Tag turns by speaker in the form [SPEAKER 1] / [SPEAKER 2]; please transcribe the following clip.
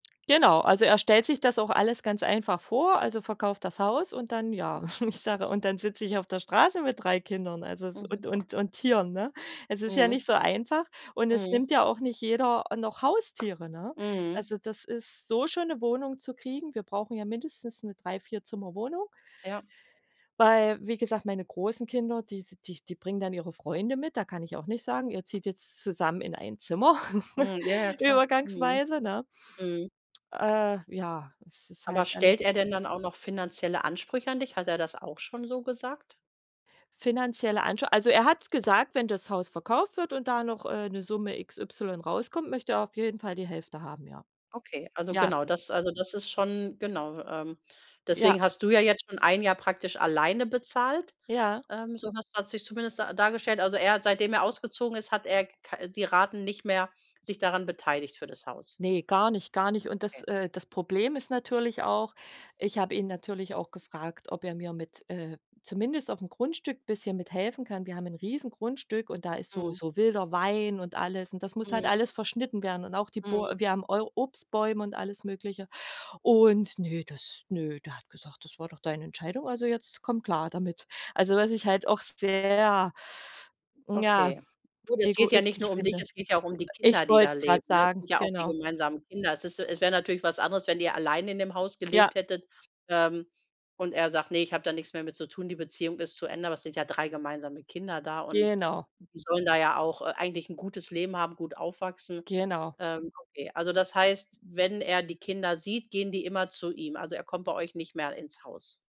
[SPEAKER 1] Genau, also, er stellt sich das auch alles ganz einfach vor, also: „Verkauf das Haus.“, und dann,
[SPEAKER 2] Mhm.
[SPEAKER 1] ja ich sage: „Und dann sitze ich auf der Straße mit 3 Kindern, also, w
[SPEAKER 2] Mhm.
[SPEAKER 1] und und und Tieren.”, ne? Es ist ja
[SPEAKER 2] Mhm.
[SPEAKER 1] nicht so einfach, und es
[SPEAKER 2] Mhm.
[SPEAKER 1] nimmt ja auch nicht jeder, äh, noch Haustiere, ne?
[SPEAKER 2] Mhm.
[SPEAKER 1] Also, das ist so schon 'ne Wohnung zu kriegen wir brauchen ja mindestens 'ne Drei Vierzimmerwohnung
[SPEAKER 2] Ja.
[SPEAKER 1] weil, wie gesagt, meine großen Kinder, die s die die bringen dann ihre Freunde mit. Da kann ich auch nicht sagen: „Ihr zieht jetzt zusammen in ein Zimmer.”,
[SPEAKER 2] Mhm. Ja, ja, klar. Mhm,
[SPEAKER 1] übergangsweise, ne?
[SPEAKER 2] mhm.
[SPEAKER 1] Äh, ja, es ist
[SPEAKER 2] Aber
[SPEAKER 1] halt alles
[SPEAKER 2] stellt er denn dann auch noch finanzielle Ansprüche an dich? Hat er das auch schon so gesagt?
[SPEAKER 1] Finanzielle Ansch also, er hat's gesagt, wenn das Haus verkauft wird und da noch, äh, 'ne Summe XY rauskommt, möchte er auf jeden Fall die Hälfte haben, ja.
[SPEAKER 2] Okay, also,
[SPEAKER 1] Ja.
[SPEAKER 2] genau, das also, das ist schon, genau ähm,
[SPEAKER 1] Ja.
[SPEAKER 2] deswegen hast du ja jetzt schon ein Jahr praktisch alleine bezahlt.
[SPEAKER 1] Ja.
[SPEAKER 2] Ähm, so hast hat's sich zumindest da dargestellt. Also, er hat, seitdem er ausgezogen ist, hat er k-ka äh, die Raten nicht mehr sich daran beteiligt für das Haus?
[SPEAKER 1] Ne, gar nicht, gar nicht. Und das,
[SPEAKER 2] Ne.
[SPEAKER 1] äh das Problem ist natürlich auch ich habe ihn natürlich auch gefragt, ob er mir mit, äh zumindest auf'm Grundstück bisschen mithelfen kann. Wir haben 'n Riesengrundstück und da ist so
[SPEAKER 2] Mhm.
[SPEAKER 1] so wilder Wein, und alles und das muss halt
[SPEAKER 2] Mhm.
[SPEAKER 1] alles verschnitten werden und auch die
[SPEAKER 2] Mhm.
[SPEAKER 1] Bäu wir haben Eu Obstbäume und alles Mögliche. Und ne das ne, der hat gesagt: „Das war doch deine Entscheidung, also, jetzt komm klar damit.“ Also, was ich halt auch sehr, hm, ja,
[SPEAKER 2] Okay. Gut, es geht ja nicht nur
[SPEAKER 1] egoistisch
[SPEAKER 2] um dich,
[SPEAKER 1] finde.
[SPEAKER 2] es geht ja auch um die Kinder,
[SPEAKER 1] Ich
[SPEAKER 2] die da
[SPEAKER 1] wollte grad
[SPEAKER 2] leben, ne? Es
[SPEAKER 1] sagen,
[SPEAKER 2] sind ja auch die
[SPEAKER 1] genau.
[SPEAKER 2] gemeinsamen Kinder. Es ist so es wär natürlich was anderes, wenn ihr allein in dem Haus
[SPEAKER 1] Ja.
[SPEAKER 2] gelebt hättet, ähm, und er sagt: „Ne, ich habe da nix mehr mit zu tun, die Beziehung ist zu Ende.“ Aber es sind ja 3 gemeinsame Kinder da und
[SPEAKER 1] Genau.
[SPEAKER 2] die sollen da ja auch, äh, eigentlich 'n gutes Leben haben, gut aufwachsen.
[SPEAKER 1] Genau.
[SPEAKER 2] Ähm, okay. Also, das heißt, wenn er die Kinder sieht, gehen die immer zu ihm. Also, er kommt bei euch nicht mehr l ins Haus.